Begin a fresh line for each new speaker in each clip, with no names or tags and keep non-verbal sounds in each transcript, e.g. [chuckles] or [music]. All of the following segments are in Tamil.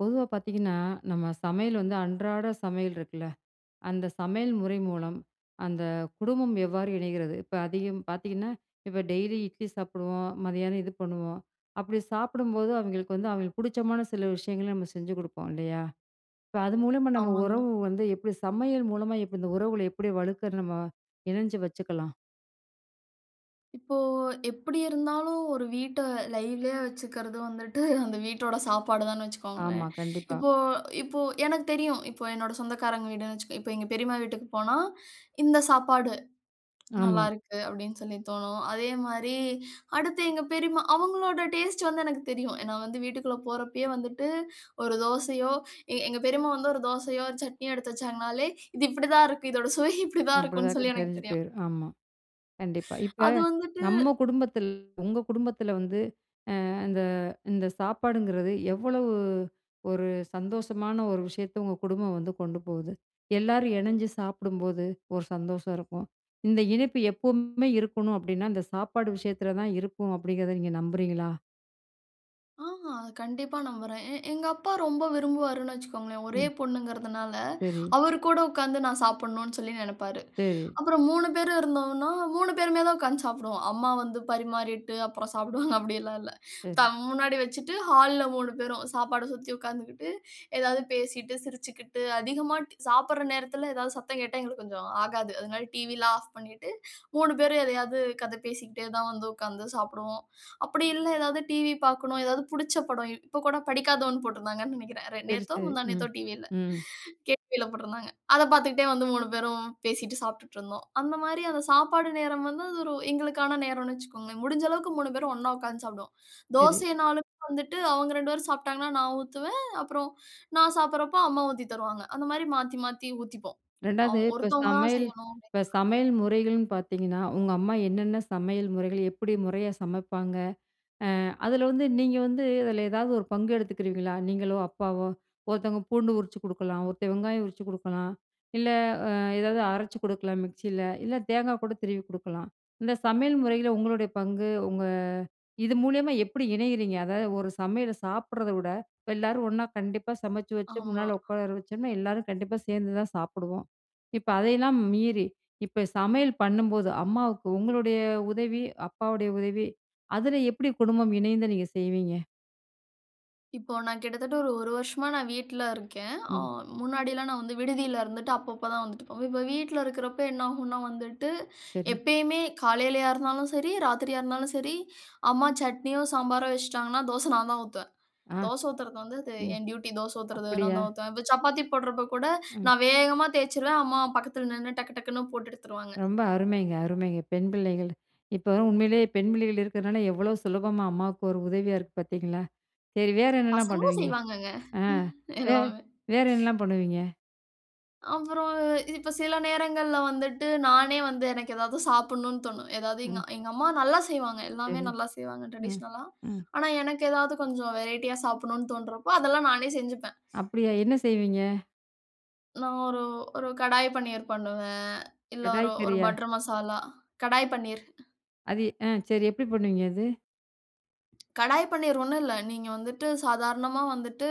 பொதுவா பார்த்தீங்கன்னா, நம்ம சமையல் வந்து அன்றாட சமையல் இருக்குல்ல, அந்த சமையல் முறை மூலம் அந்த குடும்பம் எவ்வாறு இணைகிறது? இப்ப அதிகம் பார்த்திங்கன்னா, இப்ப டெய்லி இட்லி சாப்பிடுவோம், மதியானம் இது பண்ணுவோம். அப்பிடி சாப்பிடும்போது அவிங்களுக்கு வந்து, அவிங்களுக்கு பிடிச்சமான சில விஷயங்கள நம்ம செஞ்சு குடுப்போம் இல்லையா. இப்ப அது மூலமா நம்ம
ஆமாங்க.
உறவு வந்து எப்படி சமையல் மூலமா எப்படி இந்த உறவுகள எப்படி வலுக்கறது? நம்ம இணைஞ்சு வச்சுக்கலா?
இப்போ எப்டி இருந்தாலும் ஒரு வீட்ட லைவ்லியா வச்சுக்கிறது வந்துட்டு அந்த வீட்டோட சாப்பாடு தான்னு
ஆமா,
வச்சுக்கோங்களேன்.
கண்டிப்பா.
இப்போ இப்போ எனக்கு தெரியும் இப்போ என்னோட சொந்தக்காரங்க வீடுன்னு வச்சுக்கோ இப்போ எங்க பெரிம்மா வீட்டுக்கு போனா இந்த சாப்பாடு
ஆமா.
நல்லாயிருக்கு. அப்டின்னு சொல்லி தோணும் அதேமாரி அடுத்து எங்க பெரிம்மா அவங்களோட டேஸ்ட் வந்து எனக்கு தெரியும். ஏனா வந்து வீட்டுக்குள்ள போகிறப்பயே வந்துட்டு ஒரு தோசையோ எங்க பெரிம்மா வந்து ஒரு தோசையோ, ஒரு சட்னியோ எடுத்து வச்சாங்கனாலே, இது இப்படிதா இருக்கு. இதோட சுவை இப்படிதா இருக்குன்னு
அப்படிதாங்க
சொல்லி எனக்கு
தெரிஞ்சு
தெரியும்.
போயிடும் ஆமா. கண்டிப்பா. இப்ப
அது வந்துட்டு
நம்ம குடும்பத்தில உங்க குடும்பத்தில வந்து இந்த இந்த சாப்பாடுங்கிறது, எவ்வளவு ஒரு சந்தோஷமான ஒரு விஷயத்த உங்க குடும்பம் வந்து கொண்டு போகுது? எல்லாரும் இணஞ்சு சாப்பிடும்போது, ஒரு சந்தோஷம் இருக்கும். இந்த இணைப்பு எப்பவுமே இருக்கணும் அப்படின்னா, இந்த சாப்பாடு விஷயத்தில தான் இருக்கும் அப்படிங்கிறத நீங்க நம்புறீங்களா?
ஆ, ஆ. கண்டிப்பா நம்புறேன். எ எங்க அப்பா ரொம்ப விரும்புவாருன்னு வச்சுக்கோங்களேன். ஒரே
ம்.
பொண்ணுங்குறதுனால,
சரி.
அவரு கூட உட்காந்து நான் சாப்பிடனும்னு சொல்லி நெனப்பாரு.
சரி.
அப்புறம் 3 பேர் இருந்தோம்னா, 3 பேருமே தான் உட்காந்து சாப்பிடுவோம். "அம்மா வந்து பரிமாறிட்டு, அப்புறம் சாப்பிடுவாங்க." அப்படில்லாம் இல்ல. த
சரி.
முன்னாடி வச்சிட்டு ஹால்ல 3 பேரும் சாப்பாட சுத்தி உட்காந்துகிட்டு ஏதாவது பேசிட்டு, சிரிச்சிகிட்டு, அதிகமா ட் சாப்பிடுற நேரத்தில ஏதாவது சத்தங் கேட்டா எங்களுக்கு கொஞ்சம் ஆகாது. அதனால டிவில்லாம் ஆஃப் பண்ணிட்டு, 3 பேரும் எதையாது கத பேசிக்கிட்டே தான் வந்து உட்காந்து சாப்பிடுவோம். அப்படி இல்ல எதாவது டிவி பாக்கணும், எதாவது புடிச்ச படம் இப்போ கூட படிக்காதவன் போட்ருந்தாங்கன்னு நினைக்கிறேன். ரே
சரி,
நேத்தோ
சரி.
முந்தா
ம்,
நேத்தோ டிவில,
ம்.
கேடிவில போட்ருந்தாங்க. அத பாத்துகிட்டே வந்து 3 பேரும் பேசிட்டு சாப்ட்டுட்டிருந்தோம். அந்த மாரி அந்த சாப்பாடு நேரம் வந்து அது ஒரு எங்களுக்கான நேரம்னு வச்சிக்கோங்களேன். முடிஞ்சளவுக்கு 3 பேரும் ஒண்ணா உட்காந்து சாப்பிடுவோம்.
சரி.
தோசைன்னாலும் வந்துட்டு அவுங்க 2 பேரும் சாப்ட்டாங்கன்னா, நான் ஊத்துவேன். அப்புறம் நான் சாப்பிடறப்ப, அம்மா ஊத்தி தருவாங்க. அந்த மாரி மாத்தி மாத்தி ஊத்திப்போம். அ
2ஆவது, இப்போ
ஒருத்தவங்க தான்
சமையல்
செய்யணும். அப்படிங்
இப்ப சமையல் முறைகள்ன்னு பாத்தீங்கன்னா, உங்க அம்மா என்னென்ன சமையல் முறைகள் எப்படி முறையா சமைப்பாங்க? அ அதில வந்து நீங்க வந்து அதில ஏதாவது ஒரு பங்கு எடுத்துக்குறுவீங்களா? நீங்களோ, அப்பாவோ. ஒருத்தவங்க பூண்டு உரிச்சு குடுக்கலாம், ஒருத்தென் வெங்காயம் உரிச்சு குடுக்கலாம், இல்ல அ ஏதாவது அரைச்சு குடுக்கலாம் மிக்ஸில, இல்லை தேங்கா கூட திருவி குடுக்கலாம். இந்த சமையல் முறைல உங்களுடைய பங்கு உங்க இது மூலியமா எப்படி இணையுறீங்க? அதாவது, ஒரு சமையல சாப்பிடுறத விட, இப்போ எல்லாரும் ஒண்ணா கண்டிப்பா சமைச்சு வச்சு
ஆமா.
முன்னால உக்கார வச்சோம்னா, எல்லாரும் கண்டிப்பா சேந்து தான் சாப்பிடுவோம். இப்ப அதையெல்லாம் மீறி, இப்ப சமையல் பண்ணும்போது, அம்மாவுக்கு உங்களுடைய உதவி, அப்பாவுடைய உதவி அதில எப்படி குடும்பம் இணைந்து நீங்க செய்வீங்க?
இப்போ நான் கிட்டத்தட்ட ஒரு 1 வருஷமா நான் வீட்டில இருக்கேன், ஆ
ம்.
முன்னாடிலாம் நான் வந்து விடுதியில இருந்துட்டு, அப்பப்போ தான் வந்துட்டு போவேன். இப்ப வீட்டுல இருக்கிறப்போ என்னாகும்னா வந்துட்டு,
சரி.
எப்பயுமே காலையிலயா இருந்தாலும் சரி, ராத்திரியா இருந்தாலும் சரி, அம்மா சட்னியோ சாம்பாரோ வச்சுட்டாங்கன்னா, தோசை நான் தான் ஊத்துவேன்.
ஆ.
தோசை ஊத்துறது வந்து, அது
ம்.
என் டியூட்டி, தோசை ஊத்துறது நான்
அப்படியா?
தான் ஊத்துவேன், இப்போ சப்பாத்தி போடுறப்ப கூட,
ம்.
நான் வேகமா தேய்ச்சிருவேன், அம்மா பக்கத்துல நின்னு டக்கு டக்குன்னு போட்டு எடுத்துருவாங்க.
ரொம்ப அருமைங்க அருமைங்க! பெண் பிள்ளைகள். இப்ப உண்மையிலேயே பெண் பிள்ளைகள் இருக்கிறதுனால எவ்வளோ சுலபமா அம்மாவுக்கு ஒரு உதவியா இருக்கு பார்த்தீங்களா! சரி வேறு என்னலாம்
பசங்களும்
பண்ணுவீங்க?
செய்வாங்கங்க
ஆ வே
எல்லாமே.
வேற என்னலாம் பண்ணுவீங்க?
அப்புறம் இப்ப சில நேரங்கள்ல வந்துட்டு நானே வந்து எனக்கு ஏதாவது சாப்பிடணும்னு தோணும். ஏதாவது எங்
ம்.
எங்க அம்மா நல்லா செய்வாங்க. எல்லாமே
சரி.
நல்லா செய்வாங்க
ம்,
டிரடிஷனலா,
ம்.
ஆனா எனக்கு ஏதாவது கொஞ்சம் வெரைட்டியா சாப்பிடணும்னு தோணுறப்போ, அதெல்லாம் நானே செஞ்சுப்பேன்.
அப்படியா, என்ன செய்வீங்க?
நான் ஒரு ஒரு கடாய் பன்னீர் பண்ணுவேன், இல்ல ஒரு
கடாய்
ஒரு
கறியா?
பட்டர் மசாலா. கடாய் பன்னீர்.
அது அ சரி, எப்படி பண்ணுவீங்க அது?
கடாய் பன்னீர் ஒண்ணும் இல்ல, நீங்க வந்துட்டு சாதாரணமா வந்துட்டு,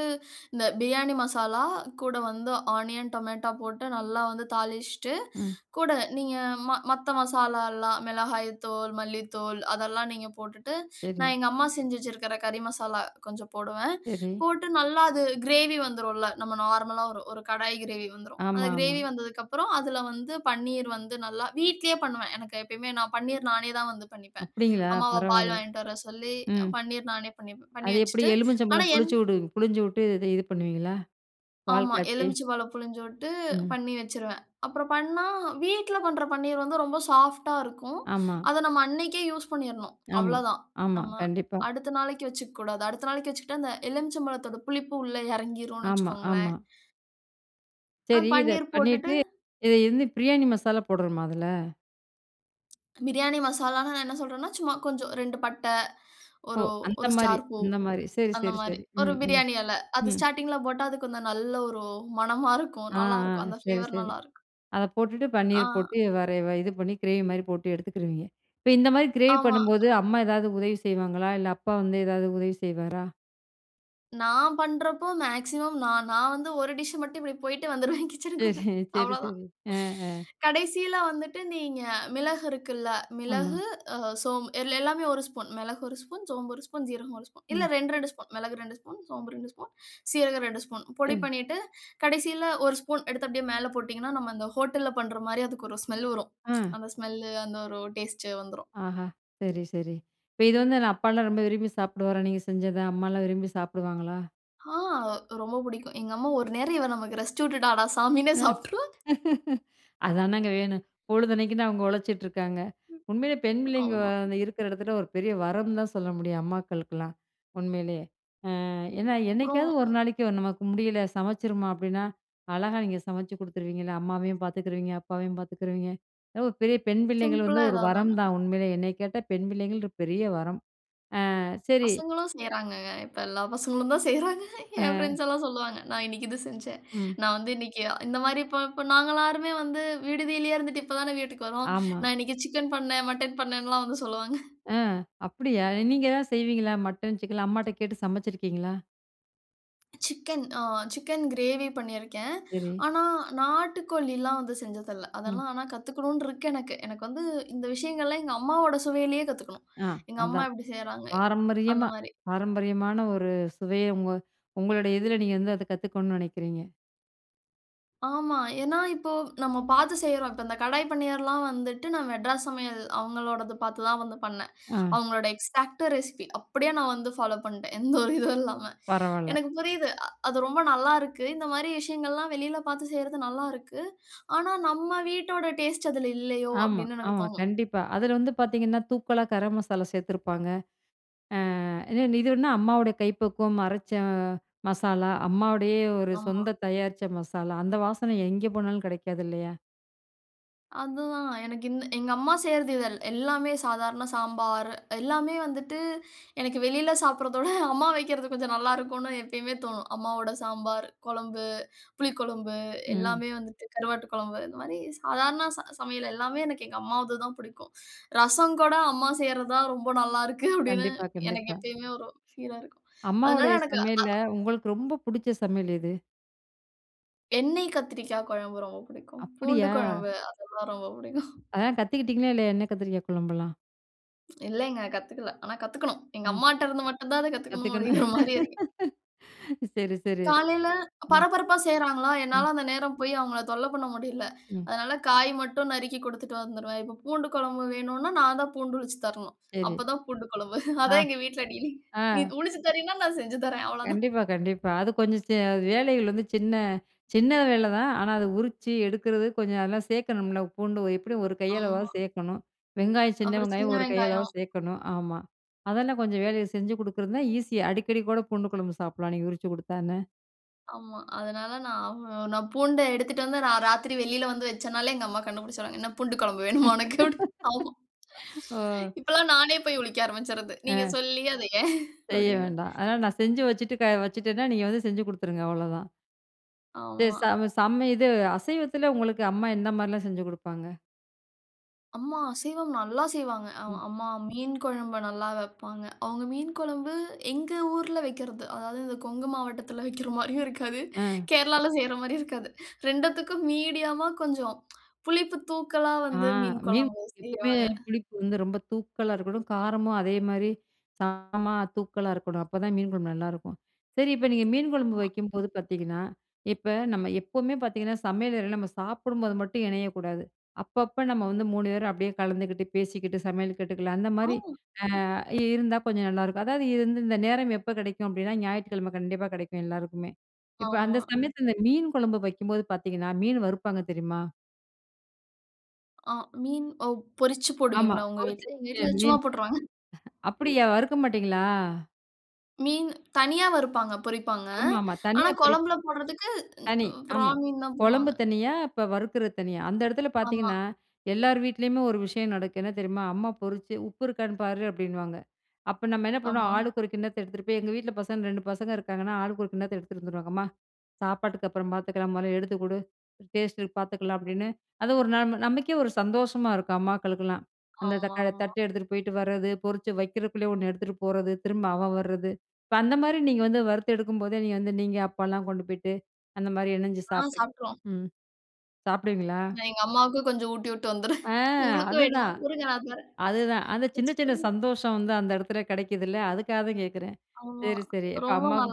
இந்த பிரியாணி மசாலா, கூட வந்து ஆனியன் டொமேட்டோ போட்டு நல்லா வந்து தாளிச்சிட்டு,
ம்.
கூட நீங்க ம மத்த மசாலா எல்லாம், மிளகாய் தூள் மல்லித்தூள், அதெல்லாம் நீங்க போட்டுட்டு, நான்
சரி.
எங்க அம்மா செஞ்சு வச்சிருக்கிற கறி மசாலா கொஞ்சம் போடுவேன்.
சரி.
போட்டு நல்லா அது கிரேவி வந்துரும்ல, நம்ம நார்மலா ஒரு ஒரு கடாய் கிரேவி வந்துரும்.
ஆமா,
அந்த
ஆமா.
கிரேவி வந்ததுக்கு அப்புறம், அதுல வந்து பன்னீர் வந்து நல்லா வீட்டுலேயே பண்ணுவேன். எனக்கு எப்பையுமே நான் பன்னீர் நானே தான் வந்து பண்ணிப்பேன்.
அப்படிங்களா!
அம்மாவ பால்
பரவாயில்ல.
வாங்கிட்டு வர சொல்லி,
ம்.
பன்னீர் நானே பண்ணிப்பேன் பண்ணி
அது எப்படி
வைச்சிட்டு. ஆனா
எலுமிச்சம்பழம்
என்
புளிச்சு வுடு புளிஞ்சு விட்டு, இத இது பண்ணுவீங்களா? பால்
ஆமா,
காய்ச்சி.
எலுமிச்சைபழம் பிழிஞ்சு விட்டு
ம்.
பண்ணி வச்சுருவேன். அப்புறம் பண்ணா வீட்டில பண்ற பன்னீர் வந்து ரொம்ப சாஃப்ட்டா இருக்கும்.
ஆமா.
அத நம்ம அன்னைக்கே யூஸ் பண்ணீரணும்,
ஆமா,
அவளோ தான்.
ஆமா,
நம்ம
கண்டிப்பா.
அடுத்த நாளைக்கு வச்சுக்கக் கூடாது. அடுத்த நாளைக்கு வச்சிக்கிட்டா, அந்த எலுமிச்சை பழத்தோட புளிப்பு உள்ளே இறங்கிரும்னு
ஆமா,
வைச்சுக்கோங்களேன்.
ஆமா.
[inhales] ஆ,
சரி. இத
பன்னீர் போட்டுட்டு
பண்ணிட்டு இத வந்து பிரியாணி மசாலா போடணுமா அதுல?
பிரியாணி மசாலானா நான் என்ன சொல்றேன்னா, சும்மா கொஞ்சம் 2 பட்ட,
ஓ!
ஒரு, ஒரு
அந்தமாரி,
ஸ்டார் பூ,
அந்த மாதிரி, சரி,
அந்த
சரி,
மாரி.
சரி,
ஒரு
ம், ம்,
பிரியாணி இல. அது
ம்.
ஸ்டார்டிங் ல போட்டா அது கொஞ்சம் நல்ல ஒரு மணமா இருக்கும்
ஆ,
நல்லா
ஆ,
இருக்கும். அந்த
சரி,
ஃப்ளேவர்
சரி.
நல்லா இருக்கும்.
அத போட்டுட்டு
ஆ.
பன்னீர் போட்டு வேற வ இது பண்ணி கிரேவிமாரி போட்டு எடுத்துக்குருவீங்க. இப்ப இந்தமாரி கிரேவி
ஆமா.
பண்ணும்போது, அம்மா ஏதாவது உதவி செய்வாங்களா? இல்ல அப்பா வந்து ஏதாவது உதவி செய்வாரா?
நான் பண்ணுறப்போ, மேக்ஸிமம் நான் நான் வந்து ஒரு டிஷ் மட்டும் இப்பிடி போயிட்டு வந்துருவேன்
சரி
கிட்சனுக்குள்ள
சரி,
அவ்வள தான்.
சரி. அ, அ.
கடைசியில வந்துட்டு நீங்க மிளகு இருக்குள்ல
ஆமா.
மிளகு, அ சோம்பு எ எல்லாமே ஒரு ஸ்பூன் மிளகு ஒரு ஸ்பூன், சோம்பு ஒரு ஸ்பூன், சீரகம் ஒரு ஸ்பூன். இல்ல,
ம்.
2, 2 ஸ்பூன் மிளகு ரெண்டு ஸ்பூன், சோம்பு ரெண்டு ஸ்பூன், சீரகம் ரெண்டு ஸ்பூன் பொடி
சரி.
பண்ணிட்டு, கடைசியில ஒரு ஸ்பூன் எடுத்து அப்பிடியே மேல போட்டீங்கன்னா, நம்ப அந்த ஹோட்டல பண்றமாரி அதுக்கு ஒரு ஸ்மெல் வரும் [tsk]
ஆ.
அந்த ஸ்மெல், அந்த ஒரு, ஒரு டேஸ்ட் வந்துரும்.
ஆஹா! சரி, சரி. இப்ப இது வந்து என்ன அப்பால்லாம் ரொம்ப விரும்பி சாப்பிடுவாரா? நீங்க செஞ்சத அம்மால்லாம் விரும்பி சாப்பிடுவாங்களா?
ஆ ரொம்ப பிடிக்கும். எங்க அம்மா ஒரு நேரம் இவ நமக்கு ரெஸ்ட் விட்டுட்டாடா, சாமின்னு
ஆஹ்.
சாப்புட்ருவாங்க
[laughs] அதானங்க வேணும். பொழுதன்னக்கும் தான் அவுங்க உழச்சிட்டு இருக்காங்க. உண்மையிலே பெண் பிள்ளைங்க
ஆமா.
அந்த இருக்குற இடத்துல ஒரு பெரிய வரம் தான் சொல்ல முடியும். அம்மாக்களுக்குலாம் உண்மையிலேயே! அ ஏன்னா,
அப்புறம்,
என்னைக்காவது ஒரு நாளைக்கு நமக்கு முடியல சமைச்சிருமா, அப்பிடீன்னா, அழகா நீங்க சமைச்சு குடுத்துருவீங்கள்ல. அம்மாவையும் பாத்துக்கிருவீங்க, அப்பாவையும் பாத்துக்கிருவீங்க. அது ஒரு பெரிய பெண் பிள்ளைங்கள் வந்து
சிம்பிளா
ஒரு
ஏதாவது
வரம்
ஒன்னு.
தான். உண்மையிலே என்னைய கேட்டா பெண் பிள்ளைங்கள் ஒரு பெரிய வரம். அ, சரி.
பசங்களும் செய்யுறாங்கங்க. இப்ப எல்லா பசங்களும் தான் செய்யுறாங்க என்
அ.
ஃப்ரெண்ட்ஸ் எல்லாம் சொல்லுவாங்க. நான் இன்னைக்கி இது செஞ்சேன்,
ம்.
நான் வந்து இன்னைக்கி இந்தமாரி இப்ப இப்ப நாங்க எல்லாருமே வந்து விடுதியிலேயே இருந்துட்டு இப்ப தானே வீட்டுக்கு வரோம்.
ஆமா.
நான் இன்னைக்கி சிக்கன் பண்ணேன், மட்டன் பண்ணேன்லாம் வந்து சொல்லுவாங்க.
ஆ, அப்பிடியா நீங்க தான் செய்வீங்களா? மட்டன், சிக்கன்லாம் அம்மாட்ட கேட்டு சமச்சிருக்கீங்களா?
சிக்கன் ஆ சிக்கன் கிரேவி பண்ணிருக்கேன்.
சரி.
ஆனா நாட்டுக்கோழில்லாம் வந்து செஞ்சது இல்ல.
ம்.
அதெல்லாம் ஆனா கத்துக்குணும்னு இருக்கு எனக்கு. எனக்கு வந்து இந்த விஷயங்கள்லாம், எங்க அம்மாவோட சுவையிலயே கத்துக்கணும்.
ஆ,
எங்க அம்மா
அதான்
எப்டி செய்றாங்க
பாரம்பரியமா,
அந்தமாரி.
பாரம்பரியமான ஒரு சுவைய உங்க உங்களுடைய இதுல நீங்க வந்து அத கத்துக்கணும்னு நெனைக்கிறீங்க.
ஆமா. ஏனா இப்போ நம்ம பார்த்து செய்றோம். இப்ப இந்த கடாய் பன்னீர்லாம் வந்துட்டு நான் மெட்ராஸ் சமையல் அவங்களோடது பார்த்து தான் வந்து பண்ணேன்.
ஆ.
அவங்களோட எக்ஸாக்ட் ரெசிப்பி அப்டியே நான் வந்து ஃபாலோ பண்ட்டேன். எந்த ஒரு இதுவும் இல்லாம
பரவால்ல.
எனக்கு புரியுது. அது ரொம்ப நல்லாருக்கு. இந்த மாரி விஷயங்கள்லாம் வெளில பார்த்து செய்றது நல்லாருக்கு. ஆனா நம்ம வீட்டோட டேஸ்ட் அதுல இல்லயோ
ஆமா,
அப்டின்னு எனக்கு
ஆமா.
தோணும்.
கண்டிப்பா அதுல வந்து பார்த்தீங்கன்னா, தூக்கலா கர மசாலா சேர்த்துருப்பாங்க. அ இது வந்து அம்மாவோட கைப்பக்குவம் அரைச்ச மசாலா அம்மாவுடைய ஒரு
ஆமா.
சொந்த தயாரிச்ச மசாலா. அந்த வாசன எங்கே போனாலும் கெடைக்காது இல்லையா?
அதுதான் எனக்கு இந்த எங்க அம்மா செய்றது இதல் எல்லாமே சாதாரண சாம்பார் எல்லாமே வந்துட்டு எனக்கு வெளில சாப்ட்றதோட அம்மா வைக்கிறது கொஞ்சம் நல்லாருக்குனு எப்பயுமே தோணும். அம்மாவோட சாம்பார், கொழம்பு, புளி கொழம்பு
ம்.
எல்லாமே வந்துட்டு கருவாட்டு கொழம்பு இந்த மாரி சாதாரண ச சமையல் எல்லாமே எனக்கு எங்க அம்மாதுது தான் புடிக்கும். ரசம் கூட அம்மா செய்றதான் ரொம்ப நல்லாருக்கு அப்டின்னு
கண்டிப்பா,
எனக்கு
கண்டிப்பா.
எப்பயுமே ஒரு ஃபீலா இருக்கும். அதனால
அம்மாவுடைய
எனக்கு ஆ
சமையல்ல உங்களுக்கு ரொம்ப புடிச்ச சமையல் எது?
எண்ணெய் கத்திரிக்காய் குழம்பு ரொம்ப புடிக்கும். பூண்டு
அப்பிடியா?
குழம்பு அதெல்லாம் ரொம்ப புடிக்கும்.
அதலாம் கத்திக்கிட்டீங்களா இல்லயா? எண்ணெய் கத்திரிக்காய் குழம்பெல்லாம்.
இல்லேங்க கத்துக்கல. ஆனா, கத்துக்கணும். எங்க
ம்.
அம்மாட்ட இருந்து மட்டும் தான் அத கத்துக்கணும்
கத்துக்குன்னு
அப்பிடிங்கிற மாரி இருக்கு
[laughs] சரி, சரி.
காலையில
ம்.
பரபரப்பா செய்றாங்களா!
ம்.
என்னால அந்த நேரம் போய் அவுங்கள தொல்ல பண்ண முடியல.
ம்.
அதனால காய் மட்டும் நறுக்கி குடுத்துட்டு வந்துருவேன். இப்ப பூண்டு குழம்பு வேணுனா, நான் தான் பூண்டு உருச்சு தரணும்.
சரி.
அப்ப தான் பூண்டு குழம்பு
ஆ,
அதான் எங்க வீட்ல டீலிங்
ஆ.
நீ உரிச்சி தரேன்னா, நான் செஞ்சு தரேன் அவ்ள தான்.
கண்டிப்பா, கண்டிப்பா. அது கொஞ்ச செ வேலைகள் வந்து சின்ன, சின்ன வேல தான். ஆனா, அது உரிச்சு எடுக்கிறது கொஞ்ச அதெல்லாம் சேர்க்கணும்ல. பூண்டு [unintelligible] எப்பிடியும் ஒரு
ஆமா.
கையளவாவது சேர்க்கணும். வெங்காயம், சின்ன
அப்புறம் சின்ன
வெங்காயம் ஒரு கையளவாவது
வெங்காயம்.
சேர்க்கணும். ஆமா அதெல்லாம் கொஞ்ச வேலைய செஞ்சு கொடுக்குறதுன்னா, ஈசியா அடிக்கடி கூட பூண்டு குழம்பு சாப்புட்லாம், நீங்க உரிச்சு குடுத்தா என்ன?
ஆமா. அதனால நான் அவ் அ நான் பூண்டே எடுத்துட்டு வந்து நான் ராத்திரி வெளியில வந்து வச்சனாலே எங்கம்மா கண்டுபிடிச்சுருவாங்க. என்ன பூண்டு குழம்பு வேணுமா உனக்கு அப்பிடின்டு, ஆமா
[laughs] ஓ! [breath]
இப்பெல்லாம் நானே போய் உரிக்க ஆரம்பிச்சிர்றது. நீங்க
ஆ.
சொல்லி அத ஏன்?
செய்ய
அப்பிடின்னு.
வேண்டாம். ஆனா, நான் செஞ்சு வச்சுட்டு க வச்சிட்டேன்னா, நீங்க வந்து செஞ்சு குடுத்துருங்க, அவ்ளோ தான். செ
ஆமா.
சம செம்ம இது அசைவத்தில உங்களுக்கு அம்மா என்ன மாரிலாம் செஞ்சு குடுப்பாங்க?
அம்மா அசைவம் நல்லா செய்வாங்க. அ
ம்.
அம்மா மீன் குழம்பு நல்லா வப்பாங்க. அவுங்க மீன் கொழம்பு எங்க ஊர்ல வைக்கறது. அதாவது இந்த கொங்கு மாவட்டத்தில வைக்கிற மாரியும் இருக்காது
அ.
கேரளால செய்ற மாரியும் இருக்காது. ரெண்டுத்துக்கும் மீடியமா கொஞ்சம் புளிப்பு தூக்கலா
ஆ.
வந்து மீன்
மீன்
கொழம்பு
எப்பவுமே
செய்வாங்க.
புளிப்பு வந்து ரொம்ப தூக்கலா இருக்கணும். காரமும் அதேமாரி காரமா தூக்கலா இருக்கணும். அப்பதான் மீன் குழம்பு நல்லாருக்கும். சரி, இப்ப நீங்க மீன் குழம்பு
ஆமா.
வைக்கும்போது பாத்தீங்கன்னா, இப்ப நம்ம எப்போமே பாத்தீங்கன்னா சமையலறையில நம்ம சாப்பிடும்போது மட்டும் இணையக்கூடாது. அப்பப்ப நம்ம வந்து 3 பேரும் அப்டியே கலந்துக்கிட்டு, பேசிக்கிட்டு, சமையல் காட்டுக்குள்ள
ஆ.
அந்தமாரி அ இருந்தா கொஞ்சம் நல்லாருக்கும். அதாவது இருந்த இந்த நேரம் எப்போ கிடைக்கும் அப்டின்னா, ஞாயிற்றுக்கிழம கண்டிப்பா கிடைக்கும் எல்லாருக்குமே. இப்போ அந்த
ஆமா.
சமயத்தில இந்த மீன் குழம்பு வைக்கும்போது பாத்தீங்கன்னா, மீன் வறுப்பாங்க தெரியுமா?
ஆ. மீன் ஒ பொறிச்சு
ஆமா
போடுவீங்களா? உங்க
பொறிச்ச
வீட்ல எங்க
[unintelligible]
வீட்ல சும்மா
மீன்.
போட்ருவாங்க.
[chuckles] அப்படியா! வறுக்க மாட்டீங்களா?
மீனு தனியா வறுப்பாங்க பொறிப்பாங்க.
ஆமா, ஆமா.
ஆனா
தனியா பொறிப்
கொழம்புல போடுறதுக்கு
தனி
ம் ப்ரா
ஆமா,
மீன் தான்
கொழம்பு
போடுவாங்க.
தனியா, இப்ப வறுக்கிற தனியா, அந்த இடத்துல
ஆமா.
பாத்தீங்கன்னா, எல்லார் வீட்லயுமே ஒரு விஷயம் நடக்கு என்ன தெரியுமா? அம்மா, பொறிச்சு "உப்பு இருக்கான்னு பாரு” அப்டின்னுவாங்க. அப்ப நம்ம என்ன பண்ணுவோம்?
ஆமா.
ஆளுக்கொரு கிண்ணத்த எடுத்துட்டு போயி, எங்க வீட்ல பசங்க 2 பசங்க இருக்காங்கன்னா, ஆளுக்கு ஒரு கிண்ணத்த எடுத்துட்டு வந்துருவாங்க. "அம்மா, சாப்பாட்டுக்கு அப்புறம் பாத்துக்கலாம். மொதல்ல எடுத்து குடு, டேஸ்ட்டு பாத்துக்கலாம்” அப்படின்னு அது ஒரு நம் நமக்கே ஒரு சந்தோஷமா இருக்கும். அம்மாக்களுக்கெல்லாம் அந்த தக்கா
ஆமாமா.
தட்டு எடுத்துட்டு போய்ட்டு வரது, பொறிச்சு வைக்கிறதுக்குள்ளயே ஒண்ணு எடுத்துட்டு போறது, திரும்ப அவன் வர்ரது. இப்ப அந்த மாரி நீங்க வந்து வறுத்து எடுக்கும்போதே, நீங்க வந்து நீங்க அப்பாலாம் கொண்டு போய்ட்டு அந்த மாரி இணஞ்சி
ஆ
சாப்ட்ருக்
சாப்ட்ருவோம்.
ம் சாப்டுவீங்களா?
நான் எங்க அம்மாவுக்கு கொஞ்சம் ஊட்டிட்டு வந்துருவேன்.
ஆ
உங்களுக்கும் வேணுமா?
அதுதான்.
இருங்க நான் தரேன்.
அதுதான். அந்த சின்ன சின்ன
வச்சுக்கோங்க.
சந்தோஷம் வந்து அந்த இடத்துல கெடைக்குதுல்ல! அதுக்காக தான் கேக்குறேன்
ஆமா.
சரி, சரி இப்ப
ரொம்ப
அம்மாக்கு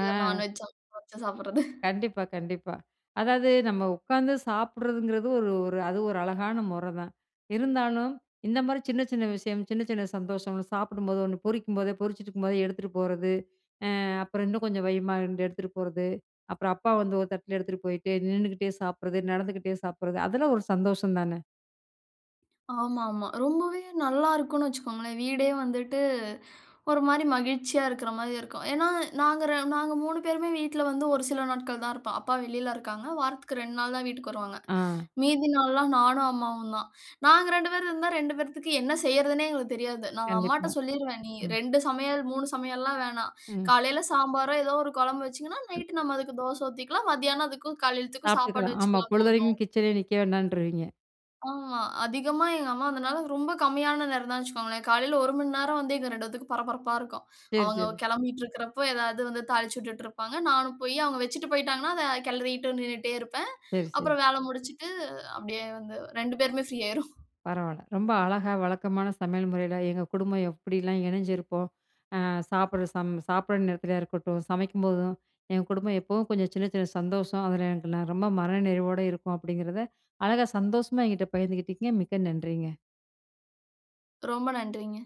ஆ
நான்வெஜ் சமைச்சு வச்சு சாப்பிட்றது.
கண்டிப்பா, கண்டிப்பா. அதாவது, நம்ம உக்காந்து சாப்பிட்றதுங்கிறது ஒரு ஒரு அது ஒரு அழகான மொறதான். இருந்தாலும், இந்த மாரி சின்ன, சின்ன விஷயம், சின்ன சின்ன சந்தோஷம் ,சாப்பிடும்போது ஒண்ணு பொரிக்கும்போதே பொறிச்சிட்ருக்கும்போதே எடுத்துட்டு போறது, அ அப்புறம் இன்னும் கொஞ்சம் வையுமான்னு 2 எடுத்துட்டு போறது. அப்புறம் அப்பா வந்து ஒரு தட்டுல எடுத்துட்டு போயிட்டு, நின்னுக்கிட்டே சாப்பிடுறது, நடந்துக்கிட்டே சாப்பிடுறது அதெல்லாம் ஒரு சந்தோஷம் தான.
ஆமாமா, ரொம்பவே நல்லாருக்குனு வச்சுக்கோங்களேன், வீடே வந்துட்டு, ஒரு மாரி மகிழ்ச்சியா இருக்குற மாரி இருக்கும், ஏனா நாங்க ர நாங்க 3 பேருமே வீட்ல வந்து ஒரு சில நாட்கள் தான் இருப்போம், அப்பா வெளில இருக்காங்க. வாரத்துக்கு 2 நாள் தான் வீட்டுக்கு வருவாங்க,
ஆ.
மீதி நாள்லாம் நானும் அம்மாவும் தான், நாங்க 2 பேர் இருந்தா, 2 பேத்துக்கு என்ன செய்றதுன்னே எங்களுக்கு தெரியாது, நான்
கண்டிப்பா.
அம்மாட்ட சொல்லீருவேன், நீ
ம்.
2 சமையல், 3 சமையல்லாம் வேணாம்,
ம்.
காலையில சாம்பாரோ, ஏதோ ஒரு குழம்பு வச்சிங்கன்னா,
ம்.
நைட்டு நம்ம அதுக்கு தோச ஊத்திக்கலாம், மதியானம் அதுக்கும் காலையத்துக்கும் சாப்பாடு
சாப்பட்டுக்கலாம். ஆமா
வச்சுக்கலாம்
பொழுதனைக்கும்
போதும்.
கிச்சனேயே நிக்க வேண்டான்றுவீங்க.
ஆமா. அதிகமா எங்க அம்மா வந்தனால ரொம்ப கம்மியான நேரம் தான் வச்சுக்கோங்களேன், காலையில 1 மணி நேரம் வந்து எங்க 2 பேத்துக்கும் பரபரப்பா இருக்கும்.
சரி,
அவங்க
சரி.
கிளம்பிட்டு இருக்கிறப்போ ஏதாவது வந்து தாளிச்சுட்டு இருப்பாங்க, நானும் போய் அவங்க வச்சுட்டு போய்ட்டாங்கனா, அத கிளறிட்டு நின்னுட்டே இருப்பேன்.
சரி, சரி.
அப்புறம் வேல முடிச்சிட்டு அப்டியே வந்து 2 பேருமே ஃப்ரீ ஆயிரும். [chuckles]
பரவால்ல! ரொம்ப அழகா வழக்கமான சமையல் முறையில, எங்க குடும்பம் எப்டிலாம் இணைஞ்சிருப்போம்? ஆ சாப்புடுற சம் சாப்புடுற நேரத்துலயா இருக்கட்டும், சமைக்கும்போதும், எங்க குடும்பம் எப்பவும் கொஞ்சம் சின்ன சின்ன சந்தோஷம் அதில எனக்கு நெ ரொம்ப மன நிறைவோட இருக்கும் அப்டிங்கிறத, அழகா சந்தோஷமா என்கிட்ட பகிர்ந்துகிட்டீங்க, மிக்க நன்றிங்க.
ரொம்ப நன்றிங்க.